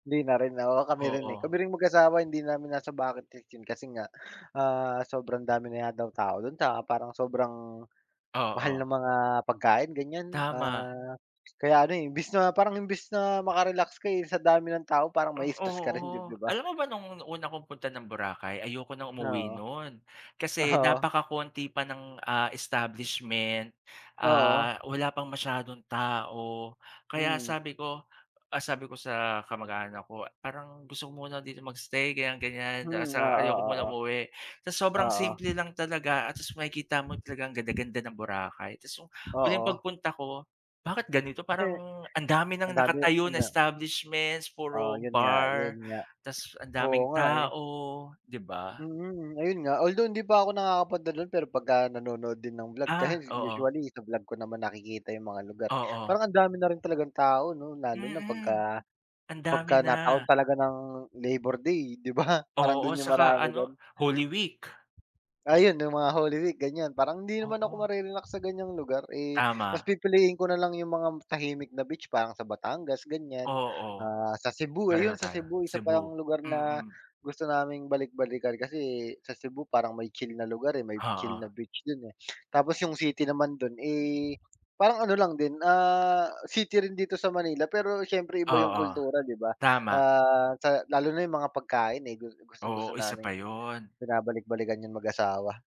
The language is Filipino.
Hindi na rin, oo, kami rin eh. Oo. Kami ring mag-asawa, hindi namin nasa bucket list 'yon, kasi nga, ah, sobrang dami na nga daw tao do'n. Tsaka, parang sobrang, mahal ng Oo. mga pagkain, ganyan, Tama. ah, kaya ano eh, imbis na parang, imbis na maka-relax ka, eh, sa dami ng tao, parang Hmm, mai-stress ka rin, 'dib oo. 'di ba? Alam mo ba, no'ng un una kong punta ng Boracay, ayoko nang umuwi Oo, no'n. Kasi, oo. napakakonti pa ng, ah, establishment, Oo. ah, wala pang masyadong tao. Kaya Mm. sabi ko, ah, sabi ko sa kamag-anak ko, "Parang gusto ko muna dito mag-stay", ganyan-ganyan, Hmm, tas, oo, ah, ayoko muna oo. umuwi. Tapos sobrang Oo. simple lang talaga, ah, tas makikita mo talagang ganda-ganda ng Boracay, tas yung, huling Oo. pagpunta ko, bakit ganito? Parang, ang dami ng ang dami nakatayo na ano establishments, Oo, puro 'yon nga, 'yon bar, nga, tas ang oo daming nga eh. tao, 'di ba? Mm, ayun nga, although hindi pa ako nakakapunta do'n, pero pagka nanonood din ng vlog, kasi Ah, oo. usually sa vlog ko naman nakikita yung mga lugar eh. Oo. Parang, ang dami na rin talagang tao, 'no, lalo na Mm, pagka, ang dami pagka nataon na. talaga ng, Labor Day, 'di ba, parang Oo, do'n yung tsaka marami ano, do'n? Holy Week. Ayun, yung mga Holy Week ganyan, parang hindi naman ako Oo. mare-relax sa ganyang lugar, eh, mas Tama. pipiliin ko na lang yung mga tahimik na beach, parang sa Batangas, ganyan, Oo. ah, sa Cebu, Pareho ayun sa tayo, Cebu, isa Cebu, pang lugar na, mm. gusto naming balik-balikan. Kasi, sa Cebu parang may chill na lugar, eh, may chill Oo. na beach do'n eh. Tapos yung city naman, do'n eh, parang ano lang din, ah, city rin dito sa Manila, pero siyempre, iba yung Oo, kultura, 'di ba? tama. Ah, sa lalo na yung mga pagkain, eh, gus Oo, gustong-gusto isa naming, pa 'yon. binabalik-balikan 'yon mag-asawa.